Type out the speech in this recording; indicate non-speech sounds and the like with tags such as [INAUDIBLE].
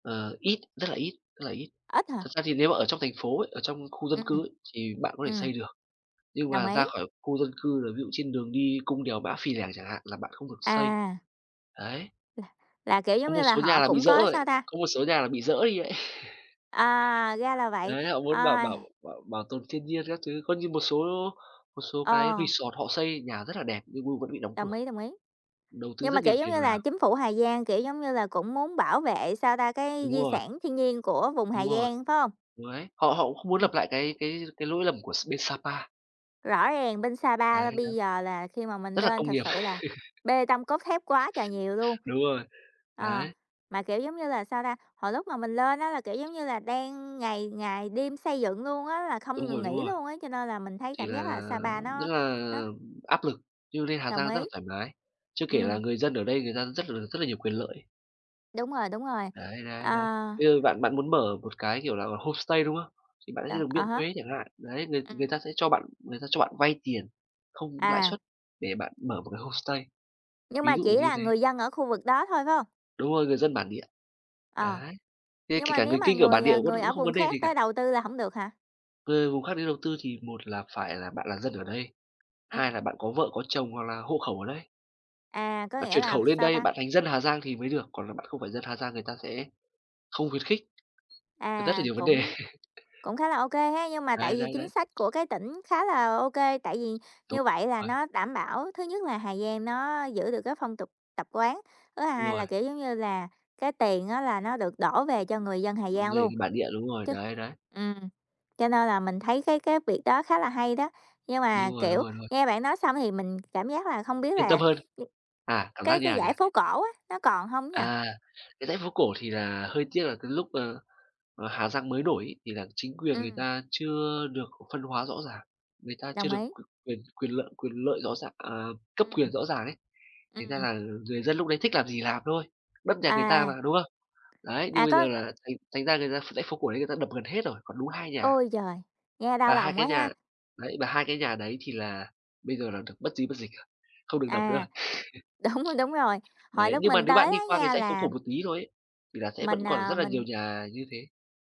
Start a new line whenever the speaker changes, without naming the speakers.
Ờ, ít, rất là ít, rất là ít.
Ít
Thật
hả?
ra thì nếu mà ở trong thành phố ấy, ở trong khu dân
Ừm.
cư ấy thì bạn có thể
Ừm.
xây được. Nhưng
Đồng
mà
ý.
ra khỏi khu dân cư là ví dụ trên đường đi cung đèo Mã Pí Lèng chẳng hạn là bạn không được xây.
À. [UNINTELLIGIBLE]
Đấy.
Là, kiểu, giống
Có một
như là,
số nhà
họ
là bị
cũng
dỡ
có,
rồi,
sao ta
có một số nhà là bị dỡ đi ấy. [CHUCKLES]
À, ra là vậy.
Đấy, họ muốn bảo
Ôi.
bảo bảo bảo tồn thiên nhiên các thứ. Coi như một số một số cái
Ờ.
resort họ xây nhà rất là đẹp nhưng v vẫn bị đóng
Đồng
cửa,
ý, đồng ý.
đầu tư
Nhưng mà,
rất nhiều
kiểu, giống
tiền
như là,
vào.
chính phủ Hà Giang, kiểu, giống như là, cũng muốn bảo vệ, sao ta, cái
Đúng
di
rồi.
sản thiên nhiên của vùng
Đúng
Hà
rồi.
Giang, phải hông?
Ừ, đấy. Họ họ cũng không muốn lập
Ừm.
lại cái cái cái lỗi lầm của s bên Sa Pa.
Rõ ràng bên Sa
Đấy,
Pa
đấy.
bây giờ là khi mà mình
Rất là
lên
công
thực
nghiệp.
sự là
[LAUGHS]
bê tông, cốt thép quá trời nhiều luôn.
Đúng rồi.
Ờ,
Đấy.
mà, kiểu, giống như là, sao ta, hồi lúc mà mình lên á là, kiểu, giống như là, đang ngày ngày đêm xây dựng luôn á là
Đúng
không ngừng
rồi, đúng
nghỉ
rồi.
luôn á, cho nên là mình thấy
Thì
cảm
là
giác là Sa Pa
rất
nó
là
nó
áp lực, nhưng lên Hà
Đồng
Giang rất
ý.
là thoải mái. Chưa kể là
Ừm.
người dân ở đây người ta rất là rất là nhiều quyền lợi.
Đúng rồi, đúng rồi.
Đấy, đấy, đấy.
À.
Bây giờ bạn bạn muốn mở một cái, kiểu là, homestay, đúng không? Thì bạn sẽ
Đó,
được
à
miễn
há.
thuế chẳng hạn. Đấy, người người
Ừm.
ta sẽ cho bạn người ta cho bạn vay tiền không lãi
À.
suất để bạn mở một cái homestay.
Nhưng
Ví
mà
dụ
chỉ
như
là
thế.
người dân ở khu vực đó thôi, phải hông?
Đúng rồi, người dân bản địa.
Ờ,
Đấy. Kê
nhưng
kể
mà
cả
nếu
người
mà
Kinh ở bản
người,
địa
ờ,
vẫn
người
vẫn
ở
không
vùng
vấn đề gì
khác tới
cả.
đầu tư là hổng được hả?
Về vùng khác đi đầu tư thì một là phải là bạn là dân ở đây, hai
Ừm.
là bạn có vợ có chồng hoặc là hộ khẩu ở đây.
À, có
Bạn
nghĩa
chuyển
là
khẩu lên
sao
đây,
ta?
bạn thành dân Hà Giang thì mới được, còn là bạn không phải dân Hà Giang người ta sẽ không khuyến khích, thực rất là
À,
nhiều vấn đề.
cũng cũng khá là ô kê ha. Nhưng mà tại
Đấy,
vì
đấy,
chính
đấy.
sách của cái tỉnh khá là ô kê, tại vì
Đúng
như vậy là
rồi.
nó đảm bảo thứ nhất là Hà Giang nó giữ được cái phong tục tập quán, thứ
Đúng
hai là,
rồi.
kiểu, giống như là, cái tiền á là nó được đổ về cho người dân Hà Giang
Người
luôn,
bản địa, đúng rồi,
chứ
đấy, đấy.
ừm. Cho nên là mình thấy cái cái việc đó khá là hay đó, nhưng mà,
Đúng rồi, đúng
kiểu,
rồi, đúng rồi.
nghe bạn nói xong thì mình cảm giác là không biết
Yên tâm
là
hơn.
[UNINTELLIGIBLE]
À, cảm giác
cái
như
cái
nào nhỉ?
dãy phố cổ á, nó còn hông nhỉ?
À, cái dãy phố cổ thì là hơi tiếc là cái lúc, ờ, ở Hà Giang mới nổi ấy thì là chính quyền người
Ừm.
ta chưa được phân hóa rõ ràng, người ta chưa
Đồng
được
ý.
quyền quyền quyền lợi quyền lợi rõ ràng à, cấp
Ừm.
quyền rõ ràng ấy, thành ra
Ừm.
là người dân lúc đấy thích làm gì làm thôi, đất nhà người ta
À.
mà, đúng không? Đấy, nhưng
À,
bây giờ
có
là thành thành ra người ta ph dãy phố cổ ấy người ta đập gần hết rồi, còn đúng 2 nhà.
Ôi trời! Nghe đau
Và 2
lòng quá
cái
ha.
nhà đấy, và 2 cái nhà đấy thì là bây giờ là được bất di bất dịch rồi, không được đập nữa
À,
rồi.
đúng, đúng rồi,
[CHUCKLES]
hồi
Đấy,
lúc
nhưng mà
mình
nếu
tới
bạn đi
đó
qua cái
nha
dãy phố
là
cổ một tí thôi ấy, thì là sẽ vẫn
Mình,
còn
à,
rất là nhiều
mình
nhà như thế.